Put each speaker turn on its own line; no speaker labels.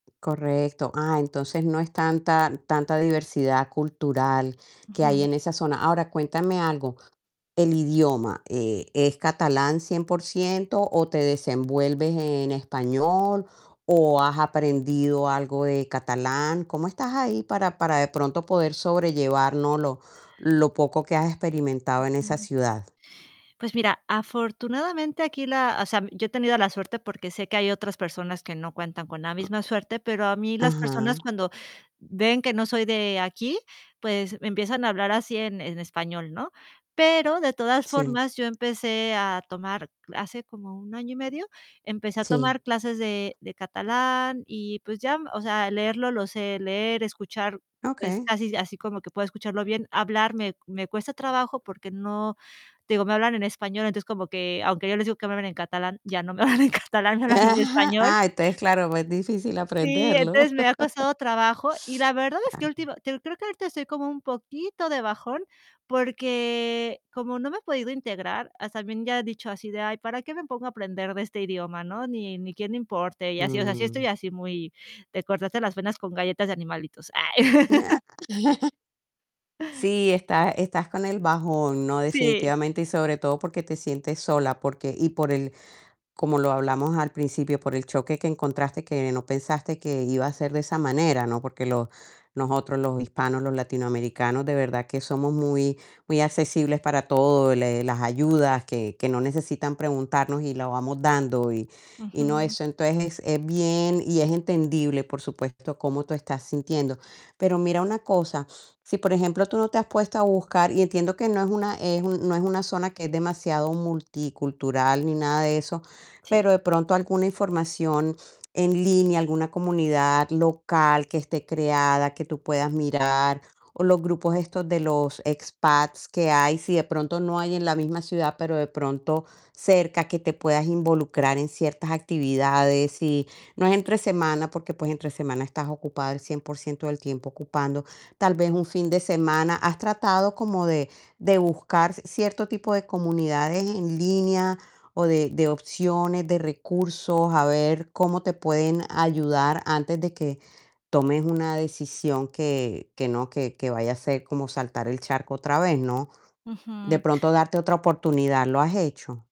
Correcto. Ah, entonces no es tanta, tanta diversidad cultural que hay
Ujú.
en esa zona. Ahora cuéntame algo, el idioma, eh, ¿es catalán 100%? o, ¿te desenvuelves en español?, o, ¿has aprendido algo de catalán? ¿Cómo estás ahí para para de pronto poder sobrellevar, no? lo lo poco que has experimentado en esa
Ujú.
ciudad.
Pues mira, afortunadamente aquí la o sea, yo he tenido la suerte porque sé que hay otras personas que no cuentan con la misma suerte, pero a mí las personas
Ajá.
cuando ven que no soy de aquí, pues me empiezan a hablar así en en español, ¿no?, pero de todas
Sí.
formas yo empecé a tomar hace como 1 año y medio, empecé a
Sí.
tomar clases de de catalán y pues ya, o sea, leerlo lo sé leer, escuchar es
Okey.
casi así como que puedo escucharlo bien, hablar me me cuesta trabajo porque no digo, me hablan en español, entonces como que aunque yo les digo que me hablen en catalán, ya no me hablan en catalán, me hablan en español.
Ah, entonces claro, pues difícil
Sí,
aprenderlo.
entonces me ha costado trabajo y la verdad es que
Ah.
última te digo creo que ahorita estoy como un poquito de bajón porque como no me he podido integrar, as también ya he dicho así de: "Ay, ¿para qué me pongo a aprender de este idioma, no? Ni, ni quien le importe", y así, o sea, sí estoy
Mm.
así muy de cortarse las venas con galletas de animalitos. Ay.
Ah. Sí, está estás con el bajón, ¿no?,
Sí.
definitivamente y sobre todo porque te sientes sola, porque y por el como lo hablamos al principio, por el choque que encontraste que no pensaste que iba a ser de esa manera, ¿no?, porque lo nosotros los hispanos, los latinoamericanos, de verdad que somos muy, muy accesibles para todo, le las ayudas que que no necesitan preguntarnos y la vamos dando y y no
Ujú.
eso entonces es bien y es entendible, por supuesto, cómo tú estás sintiendo, pero mira una cosa, si por ejemplo tú no te has puesto a buscar y entiendo que no es una es un no es una zona que es demasiado multicultural ni nada de eso, pero
Sí.
de pronto alguna información en línea, alguna comunidad local que esté creada que tú puedas mirar o los grupos estos de los expats que hay, si de pronto no hay en la misma ciudad, pero de pronto cerca que te puedas involucrar en ciertas actividades y no es entre semana, porque pues entre semana estás ocupada el 100% del tiempo ocupando, tal vez un fin de semana, ¿has tratado como de, de buscar cierto tipo de comunidades en línea o de, de opciones, de recursos, a ver cómo te pueden ayudar antes de que tomes una decisión que que no que que vaya a ser como saltar el charco otra vez, no? ¿De
Ujú.
pronto darte otra oportunidad? ¿Lo has hecho?